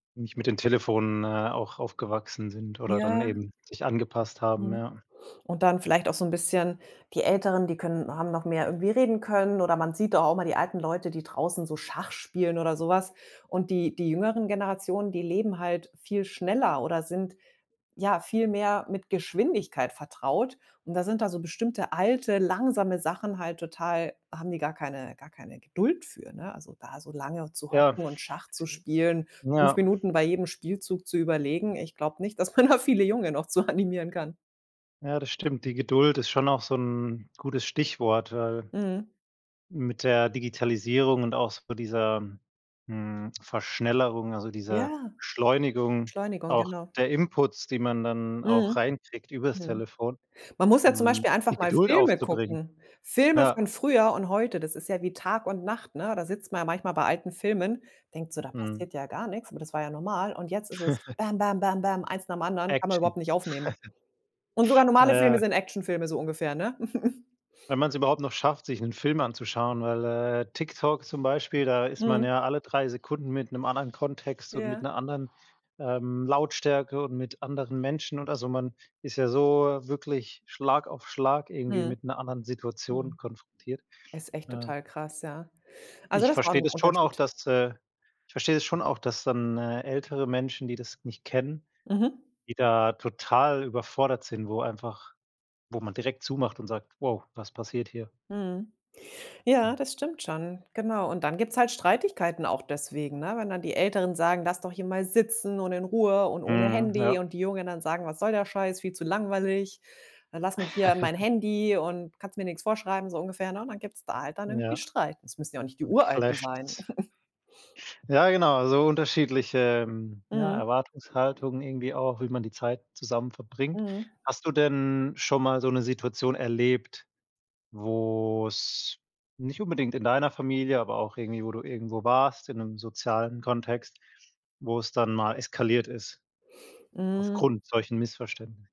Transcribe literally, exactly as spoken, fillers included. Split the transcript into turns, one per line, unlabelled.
Nicht mit den Telefonen, äh, auch aufgewachsen sind oder dann
Ja.
eben sich angepasst haben,
Mhm.
ja.
Und dann vielleicht auch so 'n bisschen die Älteren, die können haben noch mehr irgendwie reden können. Oder man sieht doch auch immer die alten Leute, die draußen so Schach spielen oder so was. Und die die jüngeren Generationen, die leben halt viel schneller oder sind, ja, viel mehr mit Geschwindigkeit vertraut. Und da sind da so bestimmte alte, langsame Sachen halt total haben die gar keine gar keine Geduld für, ne? Also, da so lange zu
Ja,,
hocken
[unintelligible]
und Schach zu spielen, fünf
ja.
Minuten bei jedem Spielzug zu überlegen. Ich glaube nicht, dass man da viele Junge noch zu animieren kann.
Ja, das stimmt, die Geduld ist schon auch so 'n gutes Stichwort, weil
Mhm.
mit der Digitalisierung und auch so dieser, hm, Verschnellerung, also, dieser
Ja.
Beschleunigung
Beschleunigung,
auch
genau.
der Inputs, die man dann auch
Mhm.
reinkriegt über das
Mhm.
Telefon,
Man muss ja zum
mhm,
Beispiel
die
einfach mal
Geduld
Filme
aufzubringen.
gucken. Filme
Ja.
von früher und heute, das ist ja wie Tag und Nacht, ne? Da sitzt man ja manchmal bei alten Filmen, denkt so, da
Mhm.
passiert ja gar nichts, aber das war ja normal. Und jetzt ist es: Bäm, bäm, bäm, bäm, eins nach dem anderen, kann man
Action.
überhaupt nicht aufnehmen. Und sogar normale Filme
Ja.
sind Actionfilme, so ungefähr, ne?
Wenn man es überhaupt noch schafft, sich 'nen Film anzuschauen, weil, äh, TikTok zum Beispiel da ist man
Mhm.
ja alle drei Sekunden mit 'nem anderen Kontext und mit
Ja.
'ner anderen, ähm, Lautstärke und mit anderen Menschen und also, man ist ja so wirklich Schlag auf Schlag irgendwie
Mhm,
mit 'ner anderen Situation
mhm.
konfrontiert.
Ist echt
Ja.
total krass, ja. Also,
Ich
das war auch
verstehe
noch
das schon auch,
Unterschied.
dass, äh ich verstehe das schon auch, dass dann, äh, ältere Menschen, die das nicht kennen,
Mhm.
die da total überfordert sind, wo einfach wo man direkt zumacht und sagt: „Wow, was passiert hier?“
Mhm, ja, das stimmt schon. Genau. Und dann gibt's halt Streitigkeiten auch deswegen, ne? Wenn dann die Älteren sagen: „Lass doch hier mal sitzen und in Ruhe und ohne
Mhm,
Handy“,
ja.
und die Jungen dann sagen: „Was soll der Scheiß? Viel zu langweilig. Dann lass mich hier an mein Handy und kannst mir nichts vorschreiben“, so ungefähr, ne? Dann gibt's da halt dann irgendwie
Ja.
Streit. Das müssen ja auch nicht die
Dann
Uralten
clasht
sein.
es. Ja, genau, so unterschiedliche, ja,
Mhm.
Erwartungshaltungen irgendwie auch, wie man die Zeit zusammen verbringt.
Mhm.
Hast du denn schon mal so 'ne Situation erlebt, wo es nicht unbedingt in deiner Familie, aber auch irgendwie wo du irgendwo warst in 'nem sozialen Kontext, wo es dann mal eskaliert ist
Hm.
aufgrund solchen Missverständni